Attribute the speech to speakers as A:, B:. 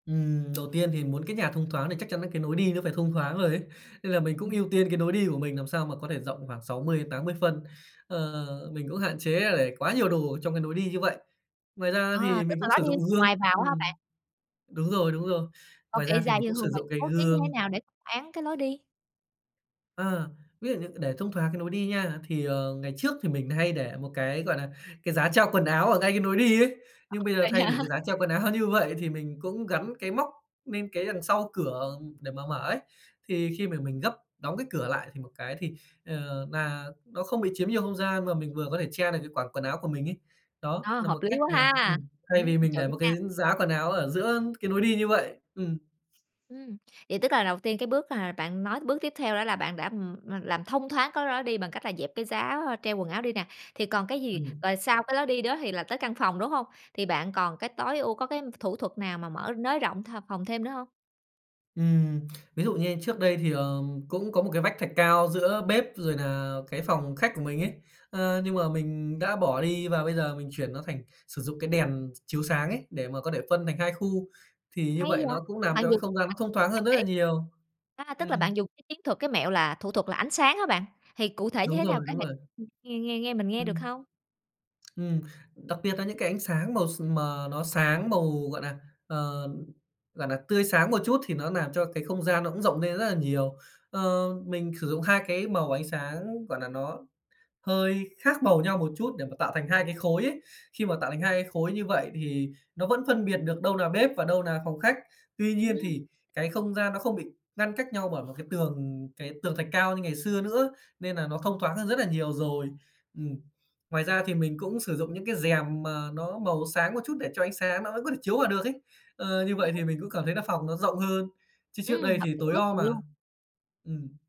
A: Ừm, đầu tiên thì muốn cái nhà thông thoáng thì chắc chắn nà cái nối đi nó phải thông thoáng rồi ấy. Nên là mình cũng
B: Ừm.
A: ưu tiên cái nối đi của mình làm sao mà có thể rộng khoảng 60 đến 80 phân. Ờ, mình cũng hạn chế để quá nhiều đồ ở trong cái nối đi như vậy. Ngoài ra
B: À,
A: thì
B: tức
A: mình
B: là
A: cũng
B: lối
A: sử
B: đi
A: dụng
B: từ
A: gương
B: ngoài vào á hả
A: ửm,
B: bạn?
A: đúng rồi, đúng rồi.
B: Còn
A: Ngoài
B: kệ
A: ra thì
B: giày
A: mình
B: thì
A: cũng sử
B: thường bạn
A: dụng cái
B: bố trí như thế
A: gương.
B: nào để không án cái lối đi?
A: Ờ, ví dụ như để thông thoáng cái nối đi nha, thì, ờ, ngày trước thì mình hay để một cái, gọi là, cái giá treo quần áo ở ngay cái nối đi ấy. Nhưng bây giờ
B: Vậy
A: thay vì
B: hả?
A: cái giá treo quần áo như vậy, thì mình cũng gắn cái móc nên cái đằng sau cửa để mà mở ấy. Thì khi mà mình gấp đóng cái cửa lại, thì một cái thì, ờ, nà nó không bị chiếm nhiều không gian, mà mình vừa có thể che được cái quả quần áo của mình ấy. Đó
B: Ờ,
A: nà
B: hợp
A: một
B: lý
A: cách
B: quá
A: mà
B: ha,
A: ừm, thay
B: ừm,
A: vì mình
B: chuẩn
A: để một
B: nha.
A: cái giá quần áo ở giữa cái nối đi như vậy. Ừm.
B: Ừm, vậy tức là đầu tiên cái bước hà bạn nói bước tiếp theo đó là bạn đã, ừm, ừm, làm thông thoáng cái đó đi bằng cách là dẹp cái giá treo quần áo đi nè, thì còn cái gì?
A: Ừm.
B: Rồi sau cái lối đi đó thì là tới căn phòng, đúng hông? Thì bạn còn cái tối ưu có cái thủ thuật nào mà mở nới rộng th phòng thêm nữa hông?
A: Ừm, ví dụ như trước đây thì, ờ, cũng có một cái vách thạch cao giữa bếp rồi nà cái phòng khách của mình ấy. Ờ, nhưng mà mình đã bỏ đi và bây giờ mình chuyển nó thành sử dụng cái đèn ch chiếu sáng ấy, để mà có thể phân thành 2 khu. Thì như
B: Hay
A: vậy
B: vậy!
A: nó cũng làm
B: Bạn
A: cho cái
B: dùng
A: không gian nó thông thoáng hơn rất là nhiều.
B: [unintelligible] a, tức là
A: Ừm.
B: bạn dùng cái chiến thuật, cái mẹo là thủ thuật là ánh sáng hả bạn? Thì cụ thể như
A: Đúng
B: thế nào
A: rồi,
B: có
A: đúng
B: thể
A: rồi!
B: [unintelligible] nghe nghe nghe mình nghe được
A: Ừm.
B: hông?
A: Ừm, đặc biệt nà những cái ánh sáng màu s mà nó sáng màu, gọi nà, ờ, gọi nà tươi sáng một chút, thì nó làm cho cái không gian nó cũng rộng nên rất nà nhiều. Ờ, mình sử dụng 2 cái màu ánh sáng, gọi là, nó hơi khác màu nhau một chút để mà tạo thành 2 cái khối ấy. Khi mà tạo thành 2 cái khối như vậy thì nó vẫn phân biệt được đâu nà bếp và đâu nà phòng khách. Tuy nhiên
B: Ừm.
A: thì cái không gian nó không bị ngăn cách nhau bởi một cái tường cái tường thạch cao như ngày xưa nữa, nên nà nó thông thoáng hơn rất là nhiều rồi. Ừm, ngoài ra thì mình cũng sử dụng những cái rèm mà nó màu sáng một chút để cho ánh sáng nó vẫn có thể chiếu vào được ấy.
B: Ừm,
A: Ờ, như
B: hay
A: vậy thì
B: quá.
A: mình cũng cảm thấy là phòng nó rộng hơn, chứ trước
B: Ừm,
A: đây
B: hợp
A: thì
B: lý
A: tối
B: quá
A: om
B: chừng
A: à.
B: luôn.
A: Ừm.